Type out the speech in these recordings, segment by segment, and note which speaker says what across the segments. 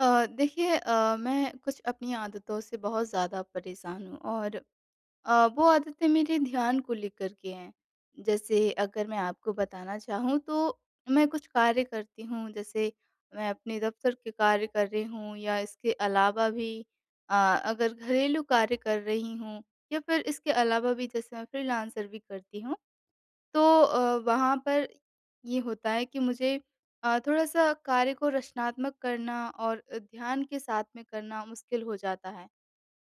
Speaker 1: अ, देखिए अ, मैं कुछ अपनी आदतों से बहुत ज़्यादा परेशान हूँ और अ, वो आदतें मेरे ध्यान को लेकर के हैं, जैसे अगर मैं आपको बताना चाहूँ तो मैं कुछ कार्य करती हूँ, जैसे मैं अपने दफ़्तर के कार्य कर रही हूँ या इसके अलावा भी अ, अगर घरेलू कार्य कर रही हूँ या फिर इसके अलावा भी जैसे मैं फ़्रीलांसर भी करती हूँ, तो अ, वहाँ पर ये होता है कि मुझे अ, थोड़ा-सा कार्य को रचनात्मक करना और अ, ध्यान के साथ में करना मुश्किल हो जाता है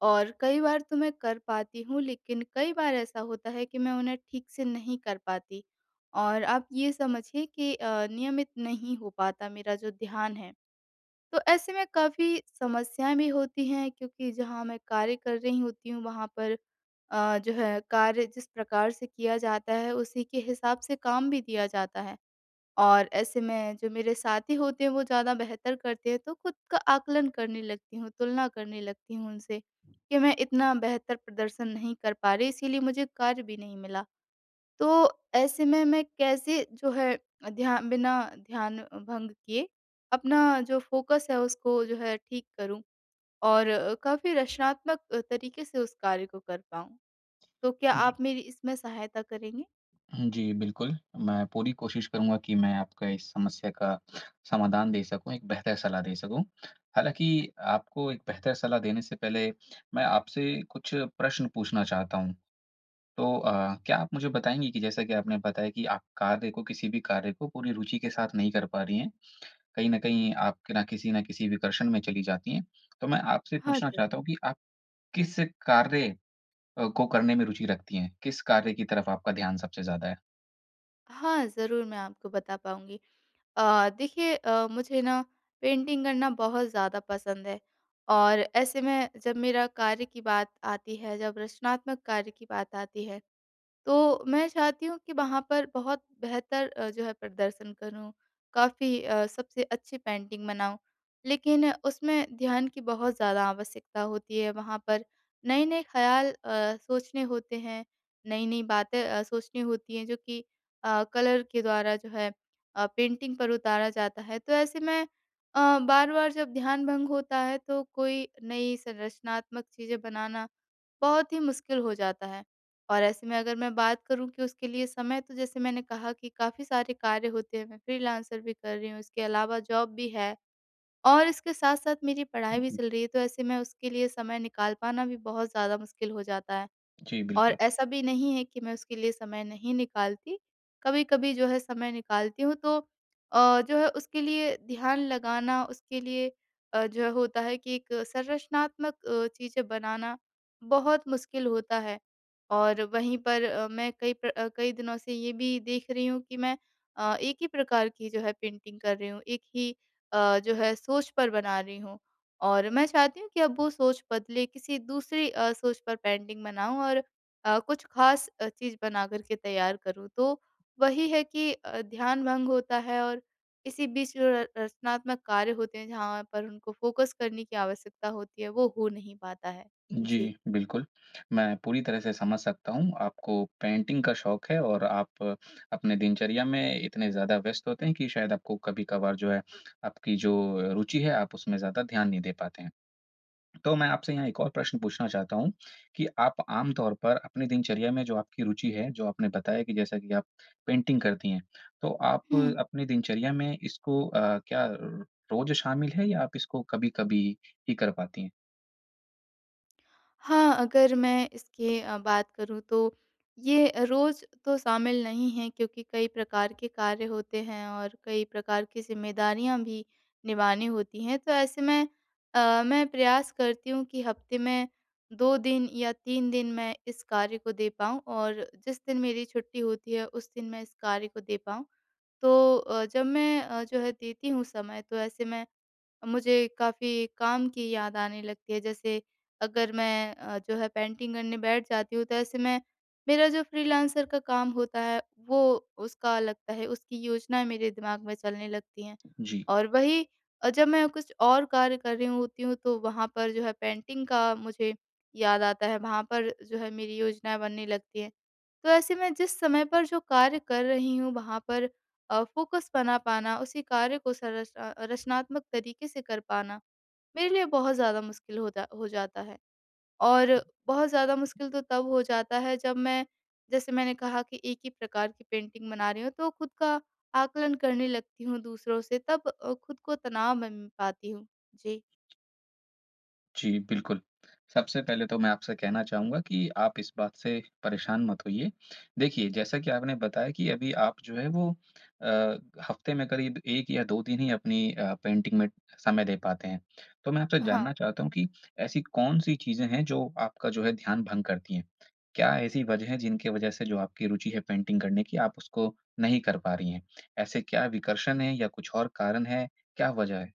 Speaker 1: और कई बार तो मैं कर पाती हूँ, लेकिन कई बार ऐसा होता है कि मैं उन्हें ठीक से नहीं कर पाती और आप ये समझिए कि अ, नियमित नहीं हो पाता मेरा जो ध्यान है। तो ऐसे में काफ़ी समस्याएँ भी होती हैं क्योंकि जहाँ मैं कार्य कर रही होती हूँ वहाँ पर अ, जो है कार्य जिस प्रकार से किया जाता है, उसी के हिसाब से काम भी दिया जाता है और ऐसे में जो मेरे साथी होते हैं वो ज़्यादा बेहतर करते हैं, तो खुद का आकलन करने लगती हूँ, तुलना करने लगती हूँ उनसे, कि मैं इतना बेहतर प्रदर्शन नहीं कर पा रही इसीलिए मुझे कार्य भी नहीं मिला, तो ऐसे में मैं कैसे जो है अ, ध्या बिना ध्यान भंग किए अपना जो फ़ोकस है उसको जो है ठीक करूँ? और काफ़ी रचनात्मक तरीके से उस कार्य को कर पाऊँ। तो क्या
Speaker 2: जी।
Speaker 1: आप मेरी इसमें सहायता करेंगे?
Speaker 2: उम, जी बिल्कुल। मैं पूरी कोशिश करूँगा कि मैं आपका इस समस्या का समाधान दे सकूँ, एक बेहतर सलाह दे सकूँ हालाँकि आपको एक बेहतर सलाह देने से पहले, मैं आपसे कुछ प्रश्न पूछना चाहता हूँ। तो अ, क्या आप मुझे बताएँगी कि जैसा कि आपने बताया कि आप कार्य को किसी भी कार्य को पूरी रूचि के साथ नहीं कर पा रही हैं। कहीं न कहीं आप क ना किसी ना किसी विकर्षण में चली जाती हैं, तो मैं आपसे
Speaker 1: हाँ
Speaker 2: पूछना
Speaker 1: जी।
Speaker 2: चाहता हूँ कि आप किस कार्य अ, को करने में रुचि रखती हैं? किस कार्य की तरफ आपका ध्यान सबसे ज़्यादा है?
Speaker 1: हाँ, ज़रूर मैं आपको बता पाऊँगी। अ, देखिए, अ, मुझे ना पेंटिंग करना बहुत ज़्यादा पसंद है और ऐसे में जब मेरा कार्य की बात आती है, जब रचनात्मक कार्य की बात आती है। तो मैं चाहती हूँ कि वहाँ पर बहुत बेहतर जो है प्रदर्शन करूँ, काफ़ी अ, सबसे अच्छी पेंटिंग बनाऊँ, लेकिन उसमें ध्यान की बहुत ज़्यादा आवश्यकता होती है। वहाँ पर नए-नए ख़्याल अ, सोचने होते हैं, नई-नई बातें अ, सोचनी होती हैं, जो कि अ, कलर के द्वारा जो है अ, पेंटिंग पर उतारा जाता है, तो ऐसे मैं अ, बार-बार जब ध्यान भंग होता है, तो कोई नई संरचनात्मक चीज़ें बनाना बहुत ही मुश्किल हो जाता है। और ऐसे में अगर मैं बात करूँ कि उसके लिए समय तो जैसे मैंने कहा कि काफ़ी सारे कार्य होते हैं, मैं फ्रीलांसर भी कर रही हूँ, इसके अलावा जॉब भी है और इसके साथ-साथ मेरी
Speaker 2: उ,
Speaker 1: पढ़ाई भी
Speaker 2: हुँ।
Speaker 1: चल रही है, तो ऐसे में उसके लिए समय निकाल पाना भी बहुत ज़्यादा मुश्किल हो जाता है
Speaker 2: जी,
Speaker 1: और
Speaker 2: बिल्कुल।
Speaker 1: ऐसा भी नहीं है कि मैं उसके लिए समय नहीं निकालती। कभी-कभी जो है समय निकालती हूँ, तो अ, जो है उसके लिए ध्यान लगाना उसके लिए अ, जो है होता है कि एक संरचनात्मक अ, चीज़ें बनाना बहुत मुश्किल होता है और वहीं पर अ, मैं कई प्र कई दिनों से ये भी देख रही हूँ कि मैं अ, एक ही प्रकार की जो है पेंटिंग का कर रही हूँ, एक ही अ, जो है सोच पर बना रही हूँ और मैं चाहती हूँ कि अब वो सोच बदले, किसी दूसरी अ, सोच पर पेंटिंग बनाऊँ और अ, कुछ ख़ास अ, चीज़ बना कर के तैयार करूँ। तो वही है कि अ, ध्यान भंग होता है और इसी बीच जो है र रच रचनात्मक कार्य होते हैं, जहाँ पर उनको फ़ोकस करने की आवश्यकता होती है, वो हो नहीं पाता है। जी।
Speaker 2: जी, बिल्कुल। मैं पूरी तरह से समझ सकता हूँ। आपको पेंटिंग का शौक़ है और आप अपनी दिनचर्या में इतने ज़्यादा व्यस्त होते हैं कि शायद आपको कभी-कभार जो है आपकी जो रुचि है आप उसमें ज़्यादा ध्यान नहीं दे पाते हैं। तो मैं आपसे यहाँ एक और प्रश्न पूछना चाहता हूँ कि आप आम तौर पर अपनी दिनचर्या में जो आपकी रुचि है, जो आपने बताया कि जैसा कि आप पेंटिंग करती हैं, तो आप
Speaker 1: हुँ।
Speaker 2: अपनी दिनचर्या में इसको अ, क्या रोज़ शामिल है या आप इसको कभी-कभी ही कर पाती हैं?
Speaker 1: हाँ, अगर मैं इसकी बात करूँ तो ये रोज़ तो शामिल नहीं है क्योंकि कई प्रकार के कार्य होते हैं और कई प्रकार की ज़िम्मेदारियाँ भी निभानी होती हैं। तो ऐसे में अ, मैं प्रयास करती हूँ कि हफ़्ते में 2 दिन या 3 दिन मैं इस कार्य को दे पाऊँ और जिस दिन मेरी छुट्टी होती है उस दिन मैं इस कार्य को दे पाऊँ। तो अ, जब मैं जो है देती हूँ समय तो ऐसे मैं मुझे काफ़ी काम की याद आने लगती है। जैसे अगर मैं अ, जो है पेंटिंग करने बैठ जाती हूँ तो ऐसे मैं मेरा जो फ़्रीलांसर का काम होता है वो उसका लगता है उसकी योजनाएँ मेरे दिमाग में चलने लगती हैं।
Speaker 2: जी।
Speaker 1: और वही जब मैं कुछ और कार्य कर रही होती हूँ तो वहाँ पर जो है पेंटिंग का मुझे याद आता है, वहाँ पर जो है मेरी योजनाएँ बनने लगती हैं। तो ऐसे मैं जिस समय पर जो कार्य कर रही हूँ वहाँ पर अ, फ़ोकस बना पाना, उसी कार्य को सरच रचनात्मक तरीके से कर पाना मेरे लिए बहुत ज़्यादा मुश्किल हो जा हो जाता है। और बहुत ज़्यादा मुश्किल तो तब हो जाता है जब मैं जैसे मैंने कहा कि एक ही प्रकार की पेंटिंग बना रही हूँ तो ख़ुद का आकलन करने लगती हूँ दूसरों से तब अ, ख़ुद को तनाव मे, मैं पाती हूँ। जी।
Speaker 2: जी, बिल्कुल। सबसे पहले तो मैं आपसे कहना चाहूँगा कि आप इस बात से परेशान मत होइए। देखिए जैसा कि आपने बताया कि अभी आप जो है वो अ, हफ्ते में करीब 1 या दो 2 ही अपनी अ, पेंटिंग में समय दे पाते हैं, तो मैं आपसे
Speaker 1: हाँ।
Speaker 2: जानना चाहता हूँ कि ऐसी कौन-सी चीज़ें हैं जो आपका जो है ध्यान भँग करती हैं? क्या ऐसी वजह है जिनके वजह से जो आपकी रुचि है पेंटिंग करने की, आप उसको नहीं कर पा रही हैं? ऐसे क्या विकर्षण हैं या कुछ और कारण हैं? क्या वजह है?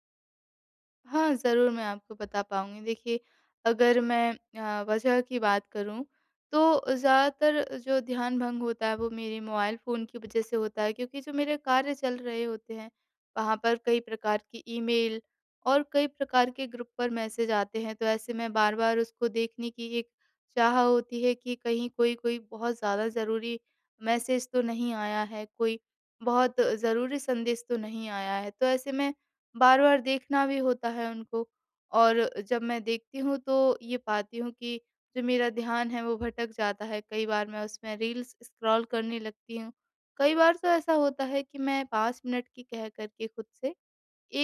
Speaker 1: हाँ ज़रूर, मैं आपको बता पाऊँगी, देखिए अगर मैं अ, वजह की बात करूँ, तो ज़्यादातर जो ध्यान भँग होता है वो मेरे मोबाइल फ़ोन की वजह से होता है क्योंकि जो मेरे कार्य चल रहे होते हैं वहाँ पर कई प्रकार की ईमेल और कई प्रकार के ग्रुप पर मैसेज आते हैं, तो ऐसे मैं बार-बार उसको देखने की एक चाह होती है कि कहीं कोई-कोई बहुत ज़्यादा ज़रूरी मैसेज तो नहीं आया है, कोई बहुत ज़रूरी संदेश तो नहीं आया है। तो ऐसे में बार-बार देखना भी होता है उनको और जब मैं देखती हूँ तो ये पाती हूँ कि जो मेरा ध्यान है वो भटक जाता है कई बार मैं उसमें रील्स स्क्रॉल करने लगती हूँ, कई बार तो ऐसा होता है कि मैं 5 मिनट की कह कर के खुद से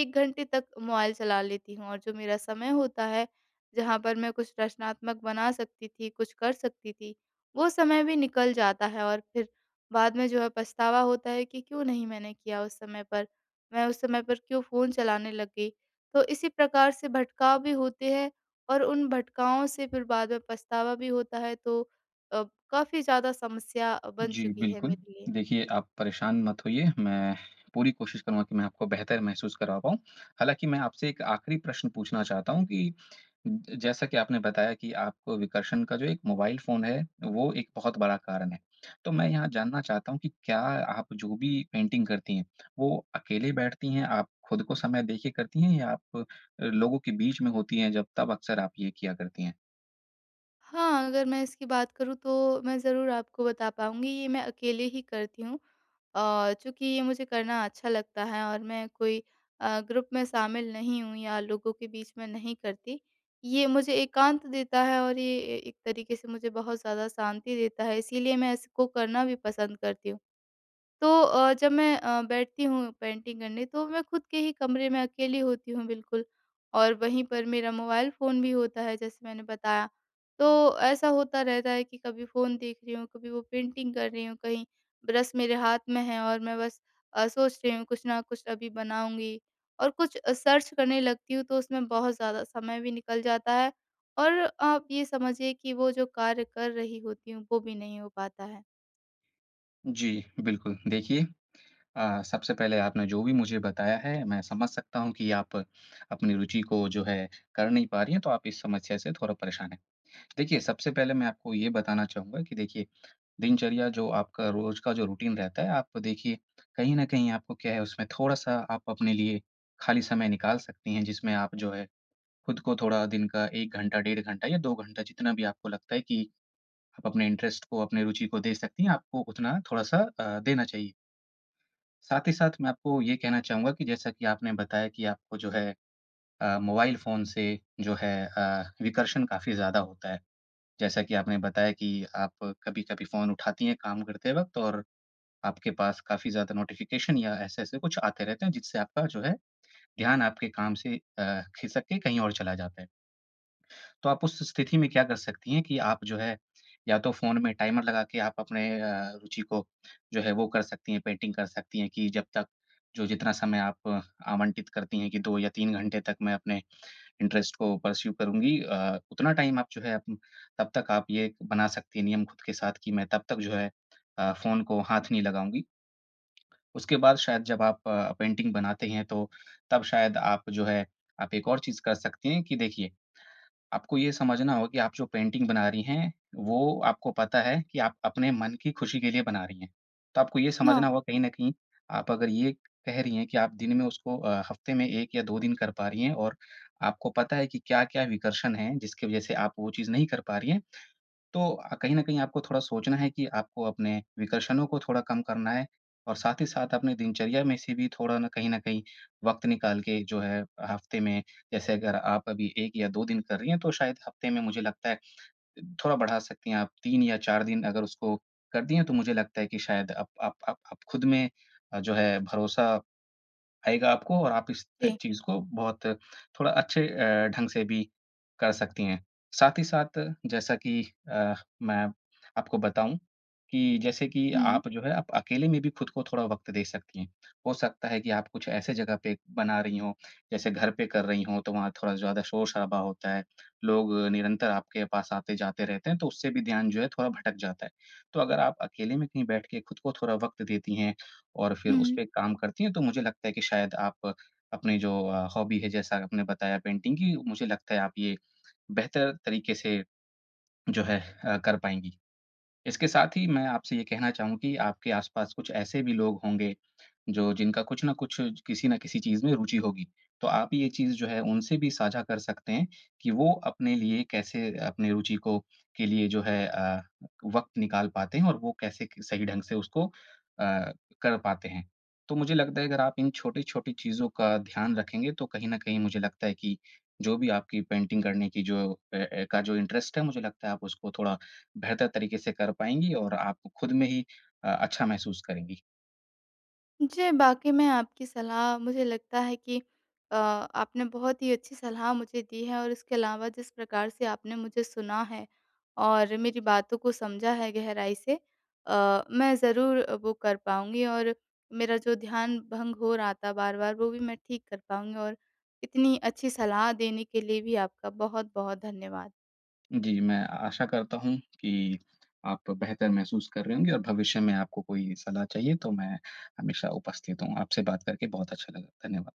Speaker 1: 1 घंटे तक मोबाइल चला लेती हूँ और जो मेरा समय होता है, जहाँ पर मैं कुछ रचनात्मक बना सकती थी, कुछ कर सकती थी, वो समय भी निकल जाता है और फिर बाद में जो है पछतावा होता है कि क्यों नहीं मैंने किया उस समय पर, मैं उस समय पर क्यों फ़ोन चलाने लग गई? तो इसी प्रकार से भटकाव भी होते हैं और उन भटकाओं से फिर बाद में पछतावा भी होता है तो अ, काफ़ी ज़्यादा समस्या बन
Speaker 2: जी,
Speaker 1: चुकी है
Speaker 2: बिल्कुल।
Speaker 1: मेरे लिए।
Speaker 2: देखिए आप परेशान मत होइए, मैं पूरी कोशिश करूँगा की मैं आपको बेहतर महसूस करा पाऊँ, हालाँकि मैं आपसे एक आख़िरी प्रश्न पूछना चाहता हूँ कि जैसा कि आपने बताया कि आपको विकर्षण का जो एक मोबाइल फ़ोन है, वो एक बहुत बड़ा कारण है। तो मैं यहाँ जानना चाहता हूँ कि क्या आप जो भी पेंटिंग करती हैं, वो अकेले बैठती हैं, आप खुद को समय देके करती हैं या आप अ, लोगों के बीच में होती हैं जब तब अक्सर आप ये किया करती हैं?
Speaker 1: हाँ, अगर मैं इसकी बात करूँ तो मैं ज़रूर आपको बता पाऊँगी ये मैं अकेले ही करती हूँ। अ, चूँकि ये मुझे करना अच्छा लगता है और मैं कोई अ, ग्रुप में शामिल नहीं हूँ या लोगों के बीच में नहीं करती। ये मुझे एकांत देता है और ये ए एक तरीके से मुझे बहुत ज़्यादा शांति देता है इसीलिए मैं इसको करना भी पसंद करती हूँ। तो अ, जब मैं अ, बैठती हूँ पेंटिंग करने तो मैं खुद के ही कमरे में अकेली होती हूँ बिल्कुल और वहीं पर मेरा मोबाइल फ़ोन भी होता है, जैसे मैंने बताया। तो ऐसा होता रहता है कि कभी फ़ोन देख रही हूँ, कभी वो पेंटिंग कर रही हूँ कहीं ब्रश मेरे हाथ में है और मैं बस अ, सोच रही हूँ कुछ न कुछ अभी बनाऊँगी और कुछ अ, सर्च करने लगती हूँ। तो उसमें बहुत ज़्यादा समय भी निकल जाता है और आप ये समझिए कि वो जो कार्य कर रही होती हूँ, वो भी नहीं हो पाता है।
Speaker 2: जी, बिल्कुल देखिए, अ, सबसे पहले आपने जो भी मुझे बताया है मैं समझ सकता हूँ कि आप अपनी रुचि को जो है कर नहीं पा रही हैं, तो आप इस समस्या से थोड़ा परेशान हैं। देखिए, सबसे पहले मैं आपको ये बताना चाहूँगा कि देखिए दिनचर्या जो, आपका रोज़ का जो रूटीन रहता है, आप देखिए कहीं न कहीं आपको क्या है उसमें थोड़ा-सा आप अपने लिए खाली समय निकाल सकती हैं। जिसमें आप जो है खुद को थोड़ा दिन का 1 घंटा, डेढ़ घंटा या 2 घंटा जितना भी आपको लगता है कि अपने इंटरेस्ट को, अपनी रुचि को दे सकती हैं, आपको उतना थोड़ा-सा अ, देना चाहिए। साथ ही साथ मैं आपको ये कहना चाहूँगा कि जैसा कि आपने बताया कि आपको जो है अ, मोबाइल फ़ोन से जो है अ, विकर्षण काफ़ी ज़्यादा होता है। जैसा कि आपने बताया कि आप कभी-कभी फ़ोन उठाती हैं काम करते वक़्त और आपके पास काफ़ी ज़्यादा नोटिफ़िकेशन या ऐसे-ऐसे कुछ आते रहते हैं जिससे आपका जो है ध्यान आपके काम से अ, ख़िसक के कहीं और चला जाता है। तो आप उस स्थिति में क्या कर सकती हैं कि आप जो है, या तो फ़ोन में टाइमर लगा के आप अपने अ, रुचि को जो है वो कर सकती हैं, पेंटिंग कर सकती हैं कि जब तक जो जितना समय आप आवंटित करती हैं कि 2-3 घंटे तक मैं अपने इंटरेस्ट को पर्स्यु करूँगी। अ, उतना टाइम आप जो है अप तब तक आप ये बना सकती हैं नियम ख़ुद के साथ कि मैं तब तक जो है अ, फ़ोन को हाथ नहीं लगाऊँगी। उसके बाद शायद जब आप अ, पेंटिंग बनाते हैं तो तब शायद आप जो है आप एक और चीज़ कर सकती हैं कि देखिए, आपको ये समझना हो कि आप जो पेंटिंग बना रही हैं वो आपको पता है कि आप अपने मन की ख़ुशी के लिए बना रही हैं। तो आपको ये
Speaker 1: हाँ।
Speaker 2: समझना होगा कहीं न कहीं आप अगर ये कह रही हैं कि आप दिन में उसको अ, हफ़्ते में 1 या 2 दिन कर पा रही हैं और आपको पता है कि क्या-क्या विकर्षण हैं जिसकी वज़ह से आप वो चीज़ नहीं कर पा रही हैं। तो कहीं न कहीं आपको थोड़ा सोचना है कि आपको अपने विकर्षणों को थोड़ा कम करना है और साथ ही साथ अपने दिनचर्या में से भी थोड़ा ना, कहीं न कहीं वक्त निकाल के जो है हफ़्ते में जैसे अगर आप अभी 1 या 2 दिन कर रही हैं तो शायद हफ़्ते में मुझे लगता है थोड़ा बढ़ा सकती हैं। आप, 3 या 4 दिन अगर उसको कर दिए तो मुझे लगता है कि शायद अप आप आप आप ख़ुद में जो है भरोसा आएगा आपको और आप इस त
Speaker 1: जी।
Speaker 2: चीज़ को बहुत थोड़ा अच्छे अ, ढंग से भी कर सकती हैं। साथ ही साथ जैसा कि अ, मैं आपको बताऊँ कि जैसे कि
Speaker 1: हुँ।
Speaker 2: आप जो है आप अकेले में भी ख़द को थोड़ा वक़्त दे सकती हैं। हो सकता है कि आप कुछ ऐसी ज़गह पे बना रही हों, जैसे घर पे कर रही हों तो वहाँ थोड़ा ज़्यादा शोर-शराबा होता है, लोग निरंतर आपके पास आते-जाते रहते हैं। तो उससे भी ध्यान जो है थोड़ा भटक जाता है। तो अगर आप अकेले में कहीं बैठ के ख़ुद को थोड़ा वक़्त देती हैं और फिर उस
Speaker 1: हुँ।
Speaker 2: पे काम करती हैं तो मुझे लगता है कि शायद आप अपनी जो अ, हॉबी है जैसा आपने बताया पेंटिंग की, मुझे लगता है आप ये बेहतर तरीके से जो है अ, कर पाएँगी। इसके साथ ही मैं आपसे ये कहना चाहूँगा कि आपके आस-पास कुछ ऐसे भी लोग होंगे जो जिनका कुछ न कुछ किसी न किसी चीज़ में रुचि होगी। तो आप ये चीज़ जो है उनसे भी साझा कर सकते हैं कि वो अपने लिए कैसे अपनी रुचि को के लिए जो है अ, वक़्त निकाल पाते हैं और वो कैसे सही ढंग से उसको अ, कर पाते हैं। तो मुझे लगता है अगर आप इन छोटी-छोटी चीज़ों का ध्यान रखेंगे तो कहीं न कहीं मुझे लगता है कि जो भी आपकी पेंटिंग करने की जो ए ए एका जो इंटरेस्ट है मुझे लगता है आप उसको थोड़ा बेहतर तरीके से कर पाएँगी और आप ख़ुद में ही अ, अच्छा महसूस करेंगी।
Speaker 1: जी, बाकी मैं आपकी सलाह मुझे लगता है कि अ, आपने बहुत ही अच्छी सलाह मुझे दी है। और इसके अलावा जिस प्रकार से आपने मुझे सुना है, और मेरी बातों को समझा है गहराई से अ, मैं ज़रूर वो कर पाऊँगी और मेरा जो ध्यान भंग हो रहा था बार-बार वो भी मैं ठीक कर पाऊँगी। और इतनी अच्छी सलाह देने के लिए भी आपका बहुत-बहुत धन्यवाद।
Speaker 2: जी, मैं आशा करता हूँ कि आप बेहतर महसूस कर रहे होंगे और भविष्य में आपको कोई सलाह चाहिए तो मैं हमेशा उपस्थित हूँ। आपसे बात करके बहुत अच्छा लगा। धन्यवाद।